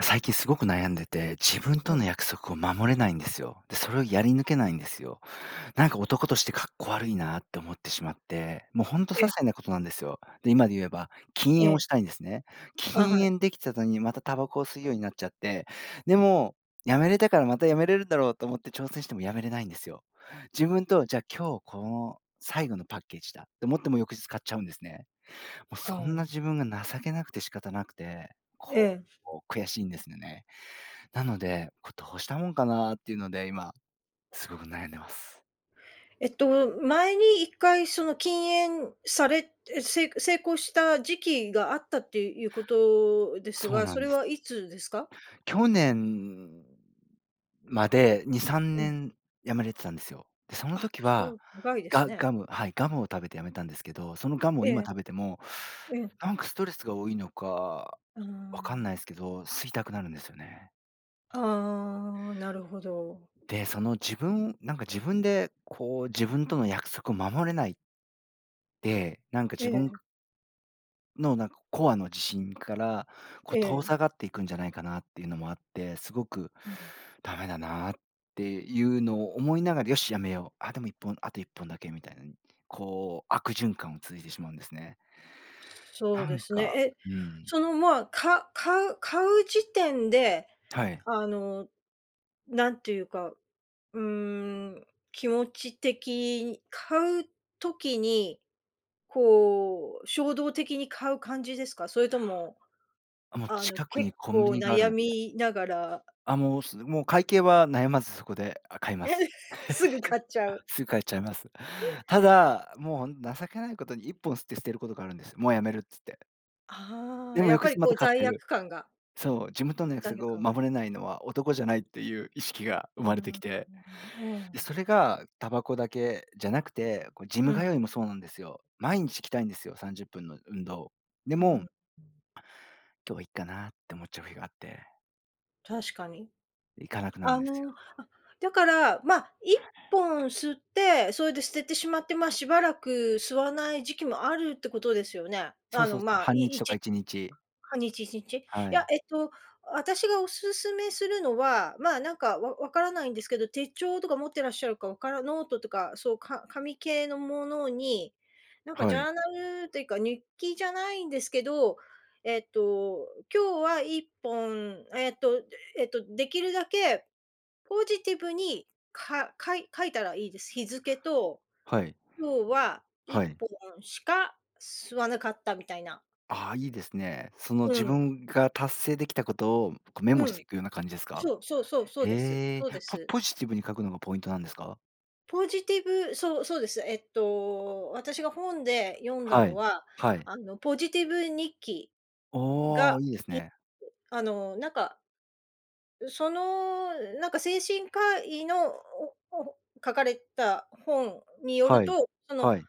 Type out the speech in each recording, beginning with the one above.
最近すごく悩んでて、自分えとえ。の約束を守れないんですよ。で、それをやり抜けないんですよ。なんか、男としてかっこ悪いなって思ってしまって、もうほんと些ええ。細なことなんですよ。で、今で言えば、禁煙えをえ。したいんですね。あ、禁はい。煙できたとに、またタバコを吸うようになっちゃって。でも、止めれたから、また止めれるんだろうと思って挑戦しても止めれないんですよ。自分とじゃあ、今日この、最後のパッケージだ、と思っても翌日買っちゃうんですね。もうあそあ、んなん。自分が情けなくて仕方なくて、えこえ。う悔しいんですねね。なので、こうどうしたもんかなっていうので、今すごく悩んでます。えっと、前に1回その禁煙されえ、せい成功した時期があったっていうことですそうが、なそんれです。はいつですか？去年までにさんうねん。ん止めれてたんですよ。で、そのあ、時そはう、長いですガね。ガムはい、ガムを食べて止めたんですけど、そのガムをえ今え。食べても、うん。なんかストレスが多いのかうーわかんん。ないすけど、吸いたくなるんですよね。ああ、なるほど。で、その自分なんか自分でこう自分との約束を守れないで、なんかえ自分え。のなんかコアの自信からこう、え遠え。ざかっていくんじゃないかなっていうのもあって、すごくうん。ダメだなっていうのを思いながら、「よしやめよう。」「あ、でも1本、あと1本だけ」みたいに、こう悪循環を続いてしまうんですね。そうなでんすね、か、え、うん。その、まあ、か買う買う時点で、はい。あの、なんていうか、うーん、気持ち的買う時に、こう、衝動的に買う感じですか？それとも、あもうあの、近く結にコンビ構ニがある悩ので。みながらあ、もうすもう会計は悩まずそこで、あ買いまえ、す。すぐ買っちゃう。すぐ買っちゃいます。ただもう情けないことに1本吸って捨てることがあるんです。「もうやめる」つって。あであ、もやっ翌ぱり日まこたう買っ罪てる。悪感が。そう、自分との約罪悪束を感が。守れないのは男じゃないっていう意識が生うまれてんうきう、て、で、ええ。それがタバコだけじゃなくて、こうジうム通ん。いもそうなんですよ。毎日行きたいんですよ、30分の運動。でうーもん。「今日はいいかな」って思っちゃう日があって。確かに。行かなくなるんあですよ。の、あ、だから、まあ、1本吸って、それで捨ててしまって、ま、しばらく吸わない時期もあるってことですよね？そうあその、うそう、まあ、半い日いとかち1日。半日、1日。いはや、い。えっと、私がお勧めするのは、まあ、なんか、わ分からないんですけど、手帳とか持ってらっしゃるかわからノートとか、そう。か紙系のものに、なんか、ジはャい。ーナルっていうか、日記じゃないんですけど、えっと、今日は1本、えっと、えっと、できるだけポジティブに、かかい書いたらいいです。日付と、はい。今日はいっはい。ぽんしか吸わなかった。みたいな。ああ、いいですね。その、う自ん。分が達成できたことを、こ、メモうしてん。いくような感じですか？そうそうそう、そうですえそうえ、でポす。ポジティブに書くのがポイントなんですか？ポジティブ、そうそうです。えっと、私が本で読んだはのい。は、はい。あの、ポジティブ日記、うが、おお、いいでいすね。と、あの、なんかうその、なんか、精神科医の、おおほ書かれた本によるはい、と、その、はい。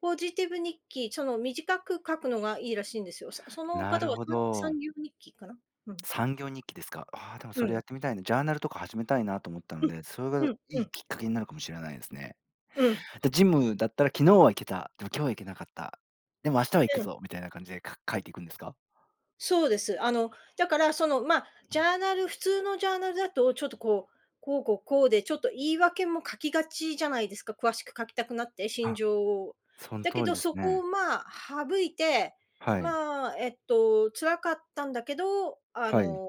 ポジティブ日記、その、短く書くのがいいらしいんですよ。さそのな方るは、ほさんさんど。ぎょう日記かな、うん。3行日記ですか？ああ、でも、うそれ、ん。やってみたいな、ジャーナルとか始めたいなと思ったのうん。で、それがうん、ういいん。きっかけになるかもしれないですね。うん。じゃ、ジムだったら、昨日は行けた、でも今日は行けなかった。でも明日は行くうん。ぞみたいな感じで、か書いていくんですか？そうです。あの、だからその、まあ、うジん。ャーナル普通のジャーナルだと、ちょっとこう、こうこうこうで、ちょっと言い訳も書きがちじゃないですか、詳しく書きたくなって、心あ、情を。そのだけ通りど、ですそこを、ね。まあ、省いて、はい。まあ、えっと、辛かったんだけど、あはい。の、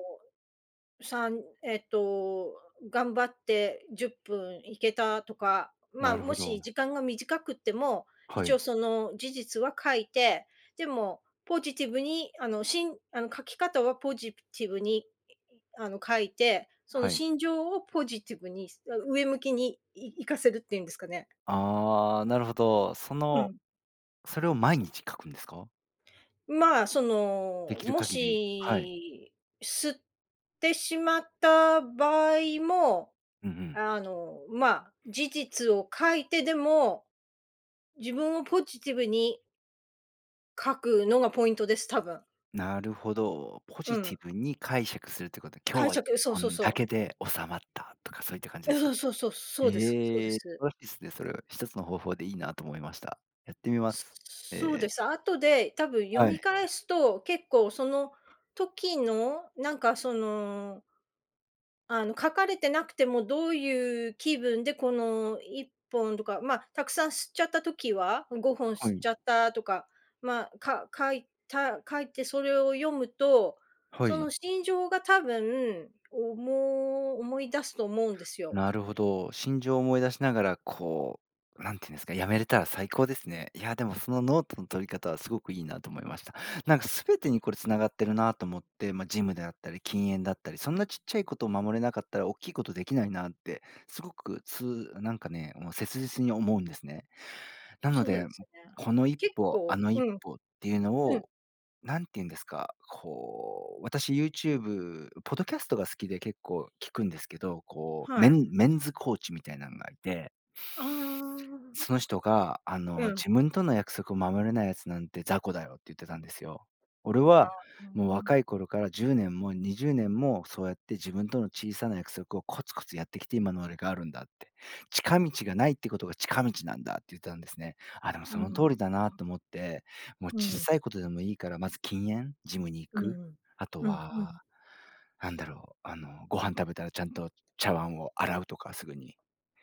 3、えっと、頑張って、10分いけたとか。まあ、なるもほど。し時間が短くっても、は一応い。その事実は書いて、でも、ポジティブにあの、しんあの書き方はポジティブに、あの書いて、そのはい。心情をポジティブに、あ、上向きにいいかせるっていうんですかね。ああ、なるほど。そうのん。それを毎日書くんですか？まあ、そでの、きるも限り、はい。し、吸ってしまった場合も、うんうん。あの、まあ、事実を書いてでも、自分をポジティブに書くのがポイントです、たぶん。なるほど。ポうジテん。ィブに解釈するということで、今日解はいっ釈、そうぽそうんだそう。けで収まったとか、そういった感じあですかあ、そうそう、そね。うです、そうへでえ、す。ですね。それは1つの方法でいいなと思いました。やってみます。えそうでえ。す。後で、たぶん読はみい。返すと、結構その時の、なんかそのあの書かれてなくても、どういう気分で、この1本とか、まあ、たくさん吸っちゃった時は、うん5本は吸っい。ちゃったとか、まあ、か書いた書いてそれを読むと、はそのい。心情が多分、思い思い出すと思うんですよ。なるほど。心情を思い出しながら、こう、なんていうんですか、やめれたら最高ですね。いや、でもそのノートの取り方はすごくいいなと思いました。なんかすべてにこれ繋がってるなと思って、ま、ジムであったり禁煙だったり、そんなちっちゃいことを守れなかったらおっきいことできないなって、すごくつなんかね、もう切実に思うんですね。なのそうで、ですね。このいっ結ぽ、構、あのいっうん。ぽっていうのうん。を、何ていうんですか、こう私 YouTube、ポッドキャストが好きで、結構聴くんですけど、こうメはい。ンメンズコーチみたいなのがいて。ああ。その人が、あうの、ん。「自分との約束を守れない奴なんて雑魚だよ」って言ってたんですよ。「俺ああ。はうーもうん。若い頃から10年も20年も、そうやって自分との小さな約束をコツコツやってきて、今の俺があるんだ」って。「近道がないってことが近道なんだ」って言ったんですね。あ、でもうーその通ん。りだなと思って、もううーん。ちっうさん。いことでもいいからまず禁煙、ジムに行うーく。ん、あとうん、うは、ん。なんだろう、あのご飯食べたらちゃんと茶碗を洗うとかすぐに。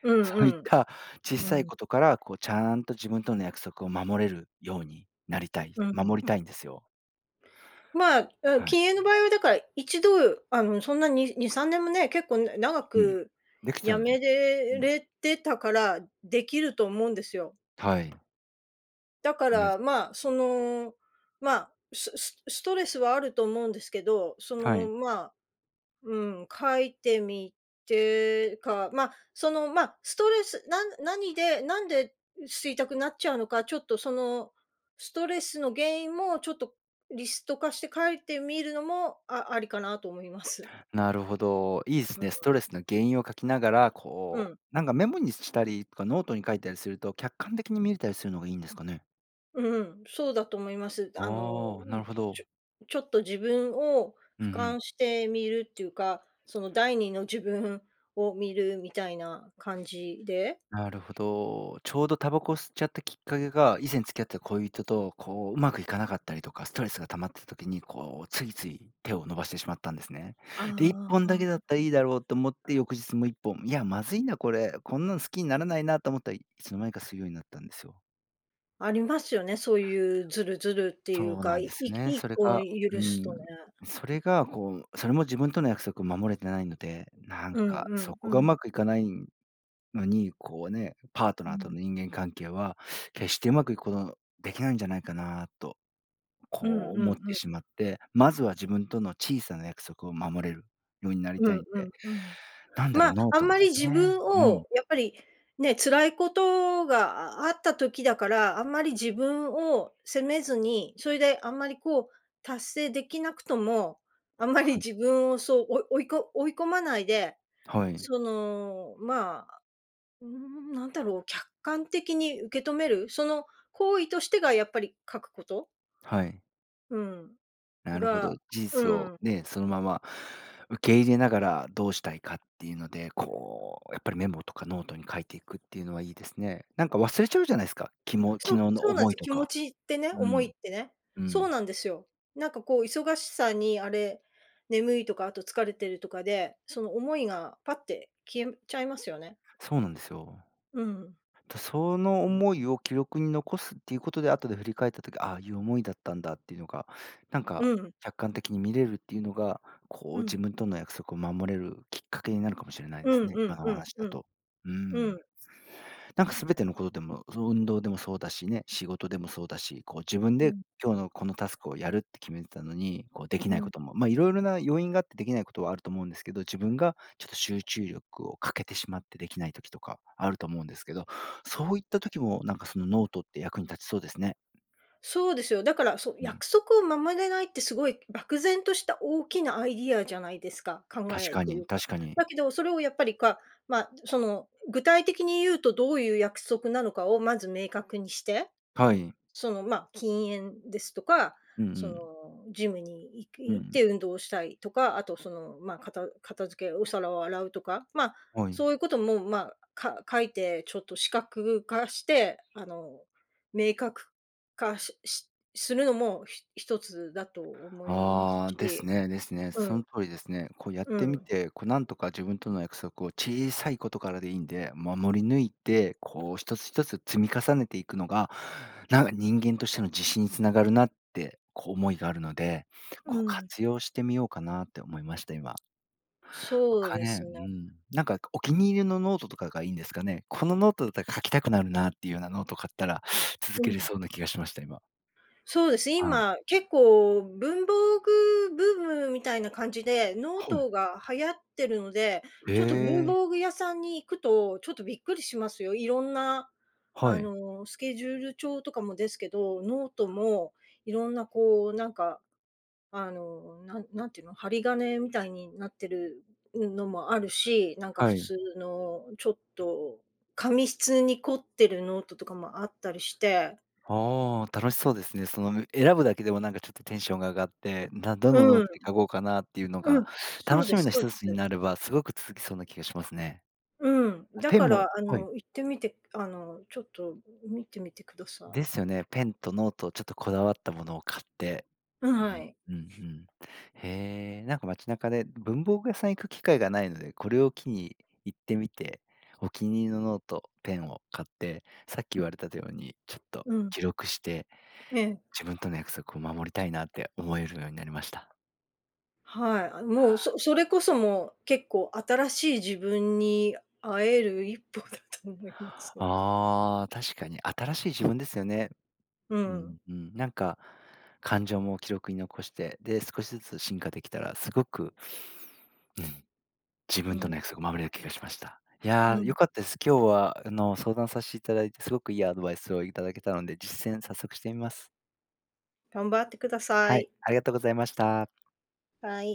うそういっんたちっうん、うさいん。ことから、こうちゃんと自分との約束を守れるようになりたい、うんう守りん。たいんですよ。まあ、うん、はい。禁煙の場合はだから、一度、あの、そんなに2、3年もね、結構長うん、くできち辞ゃうんで。めうれん。れてたから、できると思うんですよ。はい。だか [unintelligible] ら、ま、その、ま、ススストレスはあると思うんですけど、そはの、い。ま、うん、書いてみてか、ま、その、ま、ストレス、なん何でなんで吸いたくなっちゃうのか、ちょっとそのストレスの原因もちょっとリスト化して書いてみるのも、あありかなと思います。なるほど、いいすうーね、ストレスん。の原因を書きながら、うこん。う、なんかメモにしたりとかノートに書いたりすると、客観的に見れたりするのがいいんですかね？うん、そうだと思います。あの、ああ、なん、るほど。ちょちょっと自分をうんう俯瞰ん。してみるっていうか、その第2の自分を見るみたいな感じで。なるほど。ちょうどタバコを吸っちゃったきっかけが、以前付き合った恋人と、こう、うまくいかなかったりとか、ストレスが溜まった時に、こう、ついつい手を伸ばしてしまったんですね。あで、1本だけだったらあ。いいだろうと思って翌日もう1本、いやまずいなこれ、こんなの好きにならないなと思ったら、いつの間にか吸うようになったんですよ。ありますよね、そういうズルズルっていうそうか、なんでいいすね。っそれこがう許すとん。ね。それがこう、それも自分との約束を守れてないので、なんうんかうそんこうがうん。まくいかないのに、こうね、パートうナーとのん。人間関係は 決してうまくいくことできないんじゃないかなと、うんうこう思ってんしうん。まって、まずは自分との小さな約束を守れるようになりうたんいんうんで。うん。なんだまろう、あ、ノーあんト、まり自ね。分うをん。やっぱり、ね、辛いことがあった時だから、あんまり自分を責めずに、それであんまりこう、達成できなくとも、あ、あんまりはい。自分をそうおい追いこ追い込まないで、はい。その、まあ、うーんなんだろう、客観的に受け止める。その行為としてがやっぱり書くこと。はい。うん、なるほが、ど、事う実をん。ね、そのまま受け入れながらどうしたいかっていうので、こうやっぱりメモとかノートに書いていくっていうのはいいですね。なんか忘れちゃうじゃないすか。きも昨日そう、のそうなん思すいよ。と気持か。ちってね、う思いっん、てね。うそうん。なんですよ。なんかこう、忙しさに、あれ、眠いとか、あと疲れてるとかで、その思いがぱって消えちゃいますよね。そうなんですよ。うん。と、その思いを記録に残すっていうことで、後で振り返った時、ああいう思いだったんだっていうのが、なんうかん。客観的に見れるっていうのが、こうう自ん。分との約束を守れるきっかけになるかもしれないうですんね、う今んのおうん話だうん。と。ううん。ん。なんか、すべてのことでも、そ運動でもそうだしね、仕事でもそうだし、こう自分うでん。今日のこのタスクをやるって決めてたのに、こうできうないん。ことも、ま、いろいろな要因があってできないことはあると思うんですけど、自分がちょっと集中力を欠けてしまってできない時とかあると思うんですけど、そういった時もなんかそのノートって役に立ちそうですね。そうですよ。だから、そうん。約束を守れないってすごい漠然とした大きなアイディアじゃないですか、考確えっかていに、うか。確かに。だけど、それをやっぱりか、ま、その、具体的に言うとどういう約束なのかをまず明確にして、はい。その、ま、禁煙ですとか、うんうその、ん。ジムに行うき行っん。て運動をしたいとか、あと、その、まあ、片片付け、お皿を洗うとか。まあ、はい。そういうことも、まあ、か書いてちょっと視覚化して、あの、明確化ししするのも、ひ1つだと思いますああ、ですし。ね、ですね。うそん。の通りですね。こうやっうてん。みて、こうなんとか自分との約束を小さいことからでいいんで、守り抜いて、こう、一つひとつ積み重ねていくのが、なんか、人間としての自信につながるなってこう思いがあるので、こううん。活用してみようかなって思いました、今。そうかですね、ね。うん、なんかお気に入りのノートとかがいいんですかね？このノートだったら書きたくなるなっていうようなノートを買ったら、続うけれん。そうな気がしました、今。そうです、ああ。今、結構、文房具ブームみたいな感じで、ノーはい。トが流行ってるので。へちょっと文え。房具屋さんに行くと、ちょっとびっくりしますよ。いろんなはあい。のスケジュール帳とかもですけど、ノートもいろんなこうなんかあの、なん何て言うの、針金みたいになってる、うん、のもあるし、なんかは普い。通のちょっと紙質に凝ってるノートとかもあったりして。ああ、楽しそうですね。その選ぶだけでもなんかちょっとテンションが上がって、だどうのノんーうトん。に書こうかなっていうのうが、ん、そ楽うでしみすのひそうとでつにす。なればすごく続きそうな気がしますね。うん、あ、だペンかもら、あはい。の、行ってみて、あの、ちょっと見てみてください。ですよね。ペンとノートちょっとこだわったものを買って。うん、うはん、い。うんうん。へえ。なんか街中で文房具屋さん行く機会がないので、これを機に行ってみて、お気に入りのノート、ペンを買って、さっき言われたてように、ちょっとうん。記録して、ええ。自分との約束を守りたいなって思えるようになりました。はい。あ、はもう、あ。そそれこそもう、結構新しい自分に会える1歩だと思います。ああ、確かに、新しい自分ですよね。ううん。ん、うん、なんか感情も記録に残して、で少しずつ進化できたらすごくうん。自う分とのん。約束を守れる気がしました。いうや、よん。かったです。今日はあの相談さしていただいて、すごくいいアドバイスをいただけたので、実践早速してみます。頑張ってくださはい、い。ありがとうございました。はい。